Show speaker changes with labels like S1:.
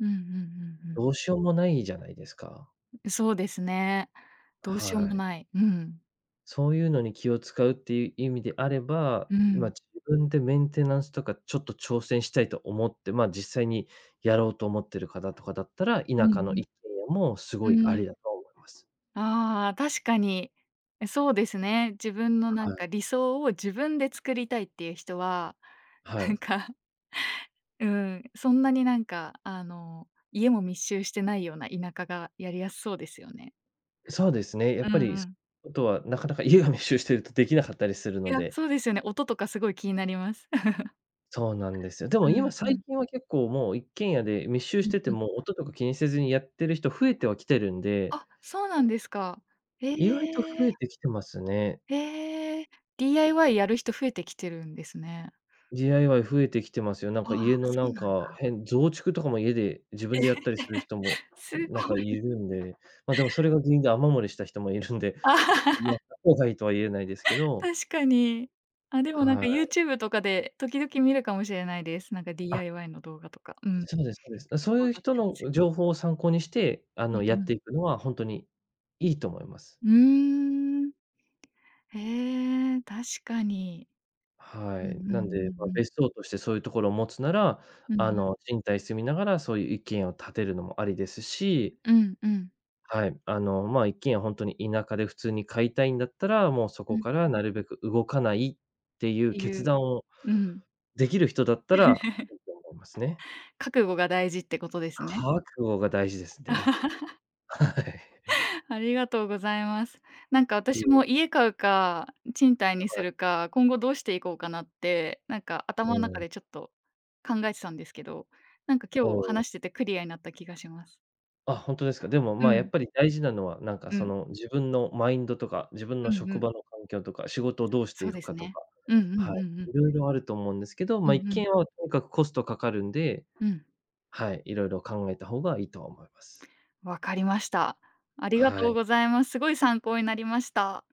S1: うんうんうんうん。
S2: どうしようもないじゃないですか。
S1: そうですね。どうしよう
S2: は
S1: も
S2: い。
S1: ない。うん。
S2: そういうのに気を使うっていう意味であれば、
S1: う
S2: ま、
S1: ん。
S2: 自分でメンテナンスとかちょっと挑戦したいと思って。ま、実際にやろうと思ってる方とかだったら、
S1: う
S2: 田舎の
S1: ん
S2: 一軒家もす
S1: う
S2: ご
S1: ん。
S2: い
S1: う
S2: あ
S1: ん。
S2: りだと思います。
S1: ああ確かに。え、そうですね。自分のな
S2: は
S1: ん
S2: い。
S1: か理想を自分で作りたいっていう人は、
S2: は
S1: なん
S2: い。
S1: か。うん、そんなになんかあの家も密集してないような田舎がやりやすそうですよね。
S2: そうですね、やっ
S1: うんう
S2: ぱりす
S1: ん。
S2: あとはなかなか家が密集してるとできなかったりする
S1: い
S2: の
S1: や、
S2: で。
S1: そうですよね。音とかすごい気になります。
S2: そうなんです よ。で
S1: う
S2: も今
S1: んう
S2: 最
S1: ん。
S2: 近は結構もう一軒家で密集し
S1: うん
S2: てて
S1: うん。
S2: も、音とか気にせずにやってる人、増えてはきてるんで。
S1: あ、そうなんですか。へ
S2: 意外と増え
S1: え。
S2: てきてますね。
S1: へえ。DIY やる人増えてきてるんですね。
S2: DIY 増えてきてますよ。なん
S1: あ
S2: か
S1: あ、
S2: 家の
S1: そ
S2: な
S1: う
S2: ん
S1: なん
S2: か、
S1: だ。
S2: へん増築とかも家で自
S1: え
S2: 分
S1: え。
S2: でやったりする人も、
S1: すご
S2: なんかい
S1: い。
S2: るんで。ま、でもそれが原因で雨漏りした人もいるんで。もやっ た方がいいとは言えないですけど。
S1: 確かに。あでもなん
S2: は
S1: か
S2: い。
S1: YouTube とかで時々見るかもしれないです。なんか
S2: あ。
S1: DIY の動画とか、うん。
S2: そうですそうです。
S1: けっ
S2: そう
S1: こう
S2: いう
S1: あっ
S2: 人
S1: たん
S2: の
S1: すよ。
S2: 情報を参考にして、あ
S1: うん
S2: の、や
S1: う
S2: って
S1: ん。
S2: いくのは本当にいいと思います。
S1: うーん。ええ。確かに。
S2: は
S1: うんうん
S2: い、
S1: う
S2: なんで、ま、
S1: んうん。
S2: 別荘としてそういうところを持つなら、
S1: うんう
S2: あ
S1: ん。
S2: の、賃貸住みながらそういう一軒家を建てるのもありですし。
S1: うんうん。
S2: はい、あのま、一軒家ほんとに田舎で普通に買いたいんだったら、もうそ
S1: う
S2: こ
S1: ん
S2: から
S1: うん。
S2: なるべく動かないっていう
S1: てい
S2: 決
S1: う
S2: 断を
S1: うん。
S2: できる人だったら いいと思いますね。
S1: 覚悟が大事ってことですね。
S2: 覚悟が大事ですね。はい。
S1: ありがとうございます。なんか
S2: い
S1: 私
S2: え。
S1: も家買うか、賃貸に
S2: は
S1: す
S2: い。
S1: るか、今後どうしていこうかなって、なんか頭
S2: う
S1: の中
S2: ん。
S1: でちょっと考えてたんですけど。なんか今
S2: お
S1: 日
S2: お。
S1: 話しててクリアになった気がします。
S2: あ、ほんとですか。でも
S1: う
S2: ま、やっ
S1: ん。
S2: ぱり大事なのは、なんか
S1: う
S2: そ
S1: ん。
S2: の自分のマインドとか。自分
S1: う
S2: の
S1: んう
S2: 職
S1: ん。
S2: 場の環境とか。仕事をどうして
S1: そ
S2: い
S1: うで
S2: く
S1: す
S2: かと
S1: ね。
S2: か。
S1: うんうんう
S2: はい、
S1: んうん。
S2: いろいろあると思うんですけど、
S1: う
S2: ま、一
S1: んう
S2: 軒
S1: ん。
S2: 家はとにかくコストかかるんで。
S1: うん。
S2: はい、色々考えた方がいいとは思います。
S1: わかりました。ありが
S2: は
S1: とう
S2: い。
S1: ございます。すごい参考になりました。